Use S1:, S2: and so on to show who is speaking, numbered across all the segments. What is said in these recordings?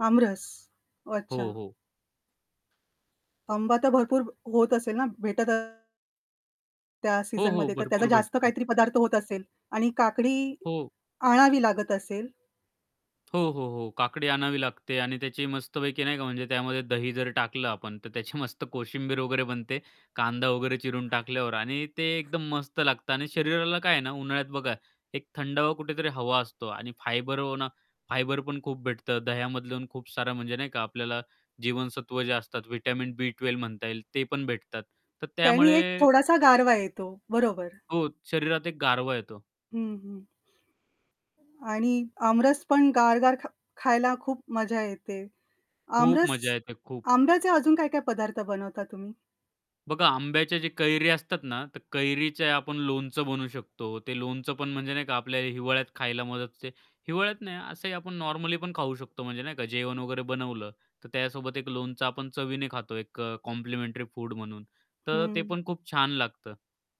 S1: आमरस,
S2: हो,
S1: अच्छा.
S2: हो.
S1: आंबा तर भरपूर होत असेल ना, भेटत त्या
S2: हो, हो,
S1: सीझनमध्ये तर त्याचा
S2: भरपूर
S1: जास्त
S2: भेटतो.
S1: काहीतरी पदार्थ होत असेल आणि काकडी
S2: हो.
S1: आणावी लागत असेल?
S2: हो, हो, हो, काकडी आणावी लागते आणि त्याची मस्तपैकी नाही का, म्हणजे त्यामध्ये दही जर टाकलं आपण, तर त्याची मस्त कोशिंबीर वगैरे बनते. कांदा वगैरे चिरून टाकल्यावर आणि ते एकदम मस्त लागतं. आणि शरीराला काय आहे ना, उन्हाळ्यात बघा, एक थंडावा कुठेतरी हवा असतो आणि फायबर [unintelligible] फायबर पण खूप भेटतं. दह्यामधल्या खूप सारं म्हणजे नाही का आपल्याला जीवनसत्व जे असतात व्हिटॅमिन बी 12 म्हणता येईल ते पण भेटतात तर
S1: त्यानी एक
S2: त्यामुळे
S1: थोडासा गारवा येतो, बरोबर.
S2: हो, शरीरात एक गारवा येतो.
S1: हं, हं. आणि आमरस पण गारगार खा खायला खूप मजा येते,
S2: खूप
S1: आमरस
S2: मजा येते, खूप.
S1: आंब्याचे अजून काय-काय पदार्थ बनवता तुम्ही?
S2: बघा आंब्याचे जे कैरी असतात ना, तर कैरीच्या आपण लोणचं बनवू शकतो, ते लोणचं पण म्हणजे नाही का आपल्याला हिवाळ्यात खायला मदत होते. हिवाळ्यात नाही असंही आपण नॉर्मली पण खाऊ शकतो म्हणजे नाही का? जेवण वगैरे बनवलं, तर त्यासोबत एक लोणचं आपण चवीने खातो एक अ, कॉम्प्लिमेंटरी फूड म्हणून. तर ते
S1: हं.
S2: पण खूप छान लागतं.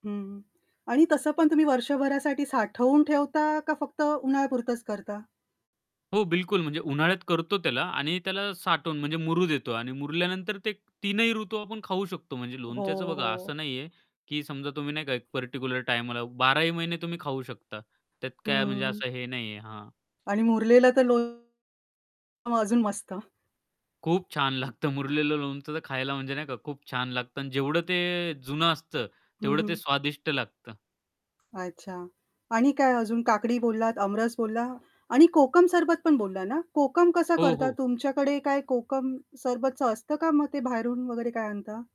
S1: हं, हं. आणि तसं पण तुम्ही वर्षभरासाठी साठवून ठेवता, का फक्त उन्हाळ्यापुरतंच करता?
S2: हो, बिलकुल. म्हणजे उन्हाळ्यात करतो त्याला आणि त्याला साठवून, म्हणजे मुरु देतो. आणि मुरल्यानंतर ते तीनही ऋतू आपण खाऊ शकतो. म्हणजे लोणच्याच
S1: हो,
S2: बघा
S1: हो.
S2: असं नाहीये की समजा तुम्ही नाही का एक पार्टिक्युलर टाईमला, बाराही महिने तुम्ही खाऊ शकता, त्यात काय म्हणजे
S1: हं.
S2: असं हे नाहीये हां.
S1: आणि मुरलेलं ते लोणचं मग अजून मस्त.
S2: खूप छान लागतं मुरलेलं लोणचं तर खायला म्हणजे नाही का खूप छान लागतं, अन् जेवढं ते जुनं असतं
S1: हं,
S2: तेवढं ते
S1: हं.
S2: स्वादिष्ट लागतं.
S1: अच्छा. आणि काय अजून? काकडी बोललात, अमरस बोलला आणि कोकम सरबत पण बोलला ना? कोकम कसा
S2: हो,
S1: करतात,
S2: हो.
S1: तुमच्याकडे काय कोकम सरबतच असतं का? मग ते बाहेरून वगैरे काय आणता?